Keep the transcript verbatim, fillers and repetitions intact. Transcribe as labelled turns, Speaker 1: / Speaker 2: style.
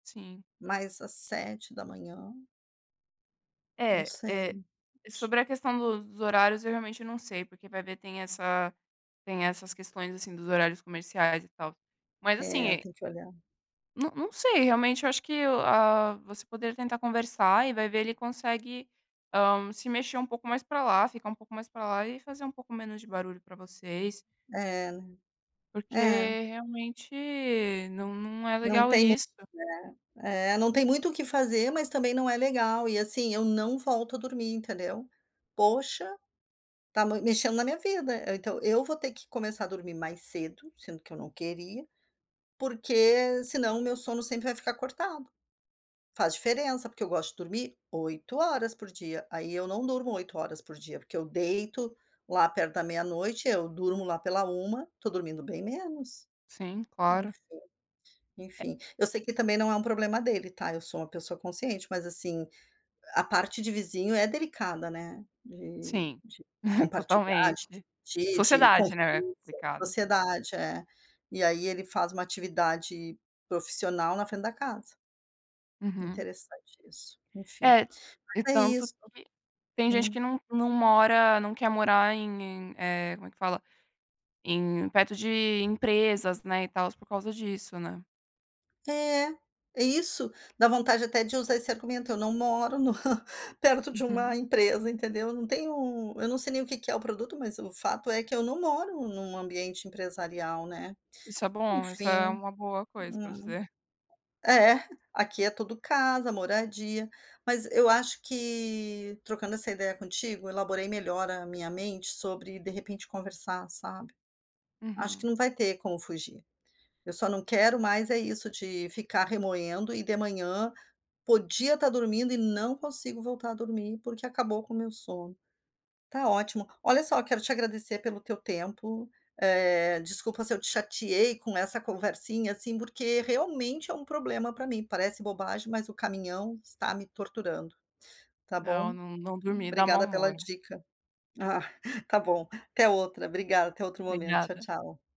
Speaker 1: Sim.
Speaker 2: Mas às sete da manhã. Não
Speaker 1: É, eh,
Speaker 2: sei. [unintelligible]
Speaker 1: sobre a questão do dos horários, eu realmente não sei, porque vai ver tem essa tem essas questões, assim, dos horários comerciais e tal. Mas assim,
Speaker 2: É,
Speaker 1: é
Speaker 2: tem que olhar.
Speaker 1: n não sei, realmente eu acho que o ah, você poderia tentar conversar e vai ver ele consegue, hã, se mexer um pouco mais pra lá, ficar um pouco mais para lá e fazer um pouco menos de barulho para vocês.
Speaker 2: É.
Speaker 1: Porque
Speaker 2: É.
Speaker 1: realmente não não é
Speaker 2: Não
Speaker 1: legal
Speaker 2: tem mu
Speaker 1: isso.
Speaker 2: né. Eh, não tem muito o que fazer, mas também não é legal, e assim, eu não volto a dormir, entendeu. Poxa, tá mui mexendo na minha vida, então eu vou ter que começar a dormir mais cedo, sendo que eu não queria, porque senão o meu sono sempre vai ficar cortado. Faz diferença, porque eu gosto de dormir oito horas por dia, aí eu não durmo oito horas por dia, porque eu deito lá perto da meia-noite, eu durmo lá pela uma, estou dormindo bem menos.
Speaker 1: Sim, claro.
Speaker 2: Enfim. Enfim, eu sei que também não é um problema dele tá, eu sou uma pessoa consciente, mas assim, a parte de vizinho é delicada, né, de
Speaker 1: Sim,
Speaker 2: de compartilhar, de
Speaker 1: totalmente.
Speaker 2: dividir, de
Speaker 1: Sociedade, né, é
Speaker 2: convivência.
Speaker 1: complicado.
Speaker 2: Sociedade, é. E aí ele faz uma atividade profissional na frente da casa.
Speaker 1: Uhum.
Speaker 2: Interessante isso, enfim.
Speaker 1: É, e
Speaker 2: Mas é
Speaker 1: tanto
Speaker 2: isso.
Speaker 1: que tem gente que
Speaker 2: Hum.
Speaker 1: não não mora não quer morar em, eh, como é que fala? Em perto de empresas, né, e tals, por causa disso, né.
Speaker 2: É. Isso, dá vontade até de usar esse argumento: "Eu não moro no perto de uma
Speaker 1: Uhum.
Speaker 2: empresa", entendeu. Não tenho eu não sei nem o que que é o produto, mas o fato é que eu não moro em um ambiente empresarial, né.
Speaker 1: Isso é bom, isso é
Speaker 2: Enfim.
Speaker 1: uma boa coisa para
Speaker 2: Hum.
Speaker 1: dizer.
Speaker 2: É, aqui é tudo casa, moradia. Mas eu acho que trocando essa ideia contigo, elaborei melhor a minha mente sobre, de repente, conversar, sabe. Acho que
Speaker 1: Uhum.
Speaker 2: não vai ter como fugir. Eu só não quero mais é isso, de ficar remoendo e de manhã, podia tá dormindo e não consigo voltar a dormir, porque acabou com o meu sono. Ttá ótimo. Olha só, quero te agradecer pelo teu tempo, eh, desculpa se eu te chateei com essa conversinha assim, porque realmente é um problema para mim, parece bobagem, mas o caminhão está me torturando, tá bom.
Speaker 1: Não, n não dormir dá mau
Speaker 2: Obrigada pela
Speaker 1: humor.
Speaker 2: dica. Ah, está bom, até outra, obrigada, até outro momento, tchau,
Speaker 1: Obrigada.
Speaker 2: tchau.